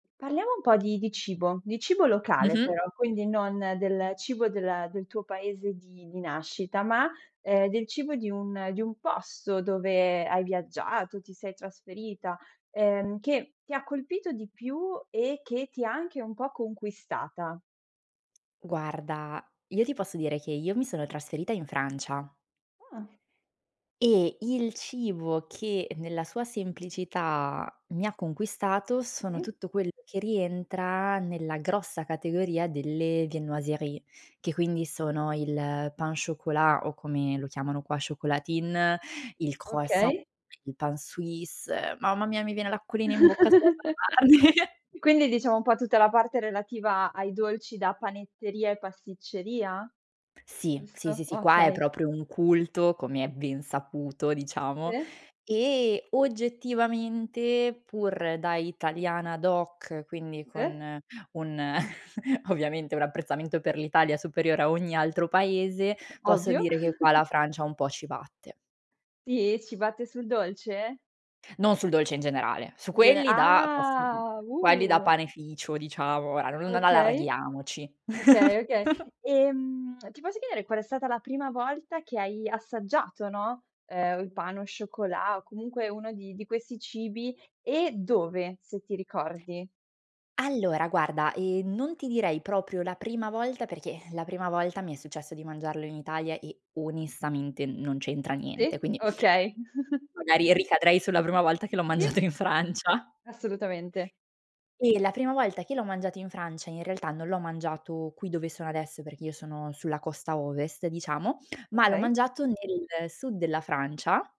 Parliamo un po' di di cibo, di cibo locale Mh-mh. però, quindi non del cibo del del tuo paese di di nascita, ma, uhm, del cibo di un di un posto dove hai viaggiato, ti sei trasferita, ehm, che ti ha colpito di più, e che ti ha anche un po' conquistata? Guarda, io ti posso dire che, io mi sono trasferita in Francia. Ah. E il cibo, che nella sua semplicità mi ha conquistato, sono Sì. tutto quello che rientra, nella grossa categoria delle viennoiserie, che quindi sono il pain chocolat o come lo chiamano qua: chocolatine, il croissant, Okay. il pain suisse, mamma mia mi viene l'acquolina in bocca solo ad immaginarli. Quindi diciamo un po' tutta la parte relativa ai dolci da panetteria e pasticceria? Sì, sì, Giusto, sì, qua è okay. proprio un culto, come è ben saputo, diciamo, Sì. e oggettivamente, pur da italiana doc, quindi Sì. con un ovviamente un apprezzamento per l'Italia superiore a ogni altro paese, posso Ovvio. dire che qua la Francia un po' ci batte. Sì? Ci batte sul dolce? Non sul dolce in generale, su Gene quelli da quelli da past ah, quelli da uh. panificio diciamo, non Okay, allarghiamoci. okay, okay. Ehm, ti posso chiedere qual è stata la prima volta che hai assaggiato, no, uhm, il pain au chocolat o comunque uno di di questi cibi, e dove, se ti ricordi? Allora guarda, ehm, non ti direi proprio la prima volta, perché, ehm, la prima volta mi è successo di mangiarlo in Italia e onestamente non c'entra niente, Sì, quindi okay. magari ricadrei sulla prima volta che l'ho mangiato Sì. in Francia. Assolutamente. E la prima volta che l'ho mangiato in Francia, in realtà non l'ho mangiato qui dove sono adesso, perché io sono sulla costa Ovest diciamo, ma l'ho Okay. mangiato nel Sud della Francia.